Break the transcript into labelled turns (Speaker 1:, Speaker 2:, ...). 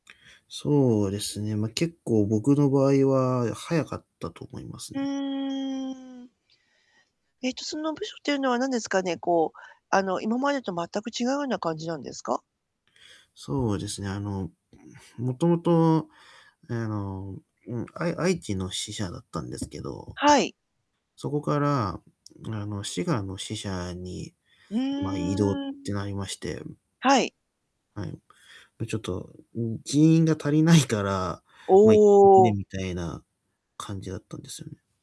Speaker 1: そうですね、ま、結構、僕の場合は早かったと思います
Speaker 2: へ
Speaker 1: ね。
Speaker 2: え。えっと、その部署っていうのはなんですかね、こう、あの、今までと全く違うような感じなんですか？
Speaker 1: そうですね、あの、もともと、あの、うん、あい愛知の支社だったんですけど、
Speaker 2: はい。
Speaker 1: そこから、あの、滋賀の支社に、
Speaker 2: う
Speaker 1: ま、異動っ
Speaker 2: ーん。
Speaker 1: てなりまして。
Speaker 2: はい。
Speaker 1: はい。ぱ、ちょっと、うん、人員が足りないから
Speaker 2: お
Speaker 1: ま、行ってくれ
Speaker 2: お。
Speaker 1: みたいな、感じだったんですよね。